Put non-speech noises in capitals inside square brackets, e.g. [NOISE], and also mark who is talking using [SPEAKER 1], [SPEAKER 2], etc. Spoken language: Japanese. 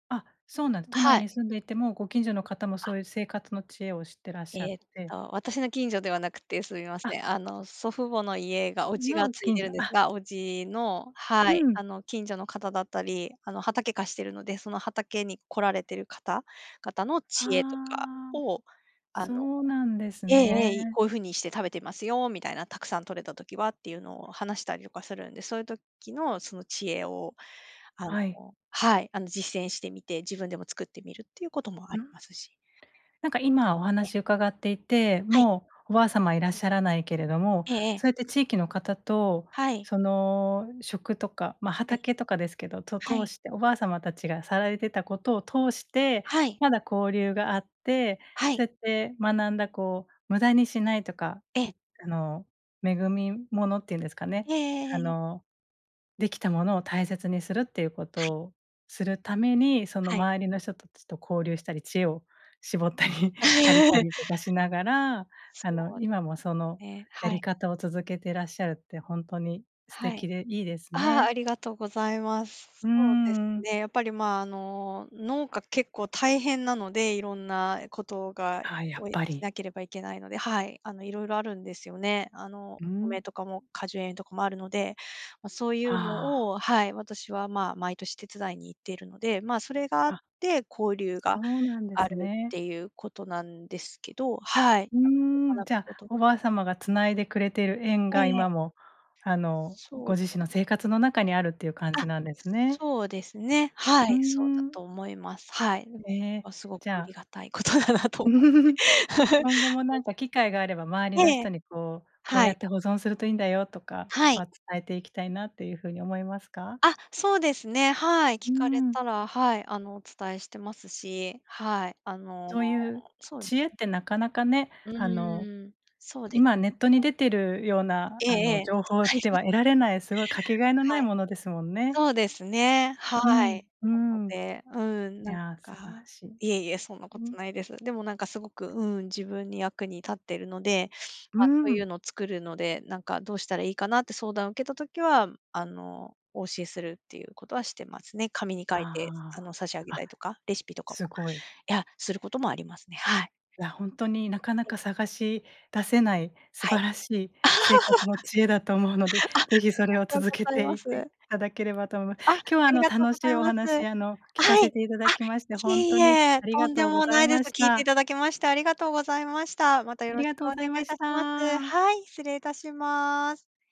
[SPEAKER 1] あ、そうなんで都
[SPEAKER 2] は
[SPEAKER 1] 内
[SPEAKER 2] い。
[SPEAKER 1] に住んでいても、ご近所の方も
[SPEAKER 2] あ。
[SPEAKER 1] そういう生活の知恵を知ってらっしゃ
[SPEAKER 2] え
[SPEAKER 1] っ
[SPEAKER 2] っ
[SPEAKER 1] て
[SPEAKER 2] と、私の近所ではなくって、すいま
[SPEAKER 1] あ
[SPEAKER 2] せん、あの、祖父母の家が叔父が
[SPEAKER 1] の
[SPEAKER 2] 継い
[SPEAKER 1] 近
[SPEAKER 2] でるん
[SPEAKER 1] 所、
[SPEAKER 2] です
[SPEAKER 1] あ
[SPEAKER 2] が、叔父の、は
[SPEAKER 1] う
[SPEAKER 2] い、
[SPEAKER 1] ん。
[SPEAKER 2] あの、近所の方だったり、あの、畑貸してるので、その畑に来られてる方々の知恵とか
[SPEAKER 1] ああ、
[SPEAKER 2] を、あの
[SPEAKER 1] そうなんです
[SPEAKER 2] ええ
[SPEAKER 1] ね。
[SPEAKER 2] ええ、「こういう風にして食べてますよ」みたいな、「たくさん取れた時は」っていうのを話したりとかするんで、そういう時のその知恵を、あ
[SPEAKER 1] はい。
[SPEAKER 2] の、はい、あの、実践してみて、自分でも作ってみるっていうこともあ
[SPEAKER 1] う
[SPEAKER 2] り
[SPEAKER 1] ん。
[SPEAKER 2] ますし。
[SPEAKER 1] なんか今お
[SPEAKER 2] え。
[SPEAKER 1] 話伺っていて、
[SPEAKER 2] はい。
[SPEAKER 1] もう、おばあ様いらっしゃらないけれども、
[SPEAKER 2] ええええ。
[SPEAKER 1] そうやって地域の方と
[SPEAKER 2] はい。
[SPEAKER 1] その食とか、ま、
[SPEAKER 2] はい。
[SPEAKER 1] 畑とかですけど、と
[SPEAKER 2] は
[SPEAKER 1] 通
[SPEAKER 2] い。
[SPEAKER 1] しておばあ様たちがさられてたことを通して、
[SPEAKER 2] はい。
[SPEAKER 1] まだ交流があって、
[SPEAKER 2] はい。
[SPEAKER 1] そうやって学んだこう、無駄にしないとか、
[SPEAKER 2] ええ。
[SPEAKER 1] いあの、恵み物っていうんですかね。
[SPEAKER 2] ええ
[SPEAKER 1] あ
[SPEAKER 2] ええ。
[SPEAKER 1] の、出来たものを大切にするっていうこ
[SPEAKER 2] は
[SPEAKER 1] と
[SPEAKER 2] い。
[SPEAKER 1] をするために、その
[SPEAKER 2] はい。
[SPEAKER 1] 周りの人たちと交流したり、知恵を絞ったり借りた
[SPEAKER 2] [LAUGHS]
[SPEAKER 1] りとかしながら、
[SPEAKER 2] そ
[SPEAKER 1] あの、
[SPEAKER 2] うで
[SPEAKER 1] 今もその
[SPEAKER 2] すね、
[SPEAKER 1] や
[SPEAKER 2] は
[SPEAKER 1] り
[SPEAKER 2] い。
[SPEAKER 1] 方を続けていらっしゃるって、ほんとに素
[SPEAKER 2] はい。
[SPEAKER 1] 敵でいいです
[SPEAKER 2] ああ、
[SPEAKER 1] ね。
[SPEAKER 2] ありがとうございま
[SPEAKER 1] う
[SPEAKER 2] す。
[SPEAKER 1] ー
[SPEAKER 2] そうです
[SPEAKER 1] ん。
[SPEAKER 2] ね、やっぱりまあ、あの、農家結構大変なので、色んなことが
[SPEAKER 1] ああ、やっ
[SPEAKER 2] をし
[SPEAKER 1] ぱり。
[SPEAKER 2] なければいけないので、はい、あの、色々あるんですよね。あの、
[SPEAKER 1] う
[SPEAKER 2] お
[SPEAKER 1] ん。
[SPEAKER 2] 米とかも果樹園とかもあるので、まあ、そうい
[SPEAKER 1] は
[SPEAKER 2] う
[SPEAKER 1] あ。
[SPEAKER 2] のを、はい、私はまあ、毎年手伝いに行っているので、まあ、それがあっ
[SPEAKER 1] あ
[SPEAKER 2] て、交流
[SPEAKER 1] そ
[SPEAKER 2] が
[SPEAKER 1] うなんで
[SPEAKER 2] あ
[SPEAKER 1] す
[SPEAKER 2] るっ
[SPEAKER 1] ね。
[SPEAKER 2] ていうことなんですけど、はい。
[SPEAKER 1] うー
[SPEAKER 2] なんで、
[SPEAKER 1] ん、
[SPEAKER 2] 学
[SPEAKER 1] じ
[SPEAKER 2] ぶ
[SPEAKER 1] ゃあ、
[SPEAKER 2] ことが
[SPEAKER 1] おばあ様が繋いでくれている縁が、
[SPEAKER 2] ええ。
[SPEAKER 1] 今もあの、
[SPEAKER 2] そう
[SPEAKER 1] ご自身の生活の中にあるっていう感
[SPEAKER 2] あ、
[SPEAKER 1] じなんですね。
[SPEAKER 2] そうですね。は
[SPEAKER 1] うー
[SPEAKER 2] い、そうだ
[SPEAKER 1] ん。
[SPEAKER 2] と思います。はい。でも、そ
[SPEAKER 1] え
[SPEAKER 2] れ
[SPEAKER 1] え、
[SPEAKER 2] はすごく
[SPEAKER 1] じゃ
[SPEAKER 2] あり
[SPEAKER 1] あ
[SPEAKER 2] がたいことだなと思っ
[SPEAKER 1] [LAUGHS]
[SPEAKER 2] て。
[SPEAKER 1] 今後
[SPEAKER 2] [LAUGHS]
[SPEAKER 1] もなんか機会があれば、周
[SPEAKER 2] [UNINTELLIGIBLE]
[SPEAKER 1] り
[SPEAKER 2] え
[SPEAKER 1] の人
[SPEAKER 2] え、
[SPEAKER 1] にこう、「こう
[SPEAKER 2] は
[SPEAKER 1] や
[SPEAKER 2] い。
[SPEAKER 1] って保存するといいんだよ」とか、
[SPEAKER 2] はい。
[SPEAKER 1] ま、伝えていきたいなという風に思いますか？
[SPEAKER 2] あ、そうですね、はい、聞
[SPEAKER 1] う
[SPEAKER 2] かれ
[SPEAKER 1] ん。
[SPEAKER 2] たら、はい、あのお伝えしてますし、はい、あの、
[SPEAKER 1] そういう
[SPEAKER 2] そう
[SPEAKER 1] 知恵っ
[SPEAKER 2] [UNINTELLIGIBLE]
[SPEAKER 1] てなかなかね、
[SPEAKER 2] う
[SPEAKER 1] あの、
[SPEAKER 2] ん、そうで
[SPEAKER 1] 今ネッ
[SPEAKER 2] す
[SPEAKER 1] トに
[SPEAKER 2] ね。
[SPEAKER 1] 出てるような、
[SPEAKER 2] ええ
[SPEAKER 1] あ
[SPEAKER 2] え
[SPEAKER 1] の
[SPEAKER 2] え、た
[SPEAKER 1] 情
[SPEAKER 2] く
[SPEAKER 1] 報
[SPEAKER 2] さんはい
[SPEAKER 1] では得
[SPEAKER 2] [UNINTELLIGIBLE]
[SPEAKER 1] られない、すごいかけがえのな
[SPEAKER 2] は
[SPEAKER 1] い
[SPEAKER 2] い。
[SPEAKER 1] ものですもんね。
[SPEAKER 2] そうですね、は
[SPEAKER 1] うん、
[SPEAKER 2] い。
[SPEAKER 1] う
[SPEAKER 2] なの
[SPEAKER 1] ん。い
[SPEAKER 2] で、うん、なん
[SPEAKER 1] や、素晴ら
[SPEAKER 2] か
[SPEAKER 1] しい。
[SPEAKER 2] いえいえ、そんな
[SPEAKER 1] う
[SPEAKER 2] こと
[SPEAKER 1] ん。
[SPEAKER 2] ないです。でもなんかすごく、うん、自分に役に立っているので、
[SPEAKER 1] う
[SPEAKER 2] まあ、そういう
[SPEAKER 1] ん。
[SPEAKER 2] のを作るので、なんかどうしたらいいかなって相談を受けた時は、あの、お教えするっていうことはしてますね。紙に書いて、あ
[SPEAKER 1] あ
[SPEAKER 2] の、差し上げ
[SPEAKER 1] あ、
[SPEAKER 2] た
[SPEAKER 1] あ、
[SPEAKER 2] りとか、レシピとかも、
[SPEAKER 1] すごい。
[SPEAKER 2] いや、することもありますね、はい。
[SPEAKER 1] いやほんとに、なかな
[SPEAKER 2] え
[SPEAKER 1] か
[SPEAKER 2] え。
[SPEAKER 1] 探し出せない素
[SPEAKER 2] はい。
[SPEAKER 1] 晴らしい生活の
[SPEAKER 2] [LAUGHS]
[SPEAKER 1] 知恵だと思うので、
[SPEAKER 2] あ、あり
[SPEAKER 1] ぜひそれを
[SPEAKER 2] がと
[SPEAKER 1] 続
[SPEAKER 2] う
[SPEAKER 1] け
[SPEAKER 2] ござい
[SPEAKER 1] てい
[SPEAKER 2] ま
[SPEAKER 1] ってい
[SPEAKER 2] す。
[SPEAKER 1] ただければと思い
[SPEAKER 2] あ、あ
[SPEAKER 1] 今日はあ
[SPEAKER 2] り
[SPEAKER 1] の、
[SPEAKER 2] がとう
[SPEAKER 1] 楽
[SPEAKER 2] ご
[SPEAKER 1] し
[SPEAKER 2] ざい
[SPEAKER 1] いお
[SPEAKER 2] ます。
[SPEAKER 1] 話あの聞か
[SPEAKER 2] は
[SPEAKER 1] せ
[SPEAKER 2] い。
[SPEAKER 1] ていた
[SPEAKER 2] あ、
[SPEAKER 1] だきまして、
[SPEAKER 2] い
[SPEAKER 1] ほん
[SPEAKER 2] え
[SPEAKER 1] と
[SPEAKER 2] い
[SPEAKER 1] に
[SPEAKER 2] え、
[SPEAKER 1] あり
[SPEAKER 2] と
[SPEAKER 1] が
[SPEAKER 2] んで
[SPEAKER 1] とうご
[SPEAKER 2] も
[SPEAKER 1] ざ
[SPEAKER 2] な
[SPEAKER 1] い
[SPEAKER 2] いです。
[SPEAKER 1] まし
[SPEAKER 2] 聞いてい
[SPEAKER 1] た。
[SPEAKER 2] ただきましてありがとうございました。またよ
[SPEAKER 1] あ
[SPEAKER 2] ろ
[SPEAKER 1] り
[SPEAKER 2] し
[SPEAKER 1] がと
[SPEAKER 2] く
[SPEAKER 1] う
[SPEAKER 2] お
[SPEAKER 1] ご
[SPEAKER 2] 願い
[SPEAKER 1] ざい
[SPEAKER 2] し
[SPEAKER 1] まし
[SPEAKER 2] ます。
[SPEAKER 1] た。
[SPEAKER 2] はい、失礼いたします。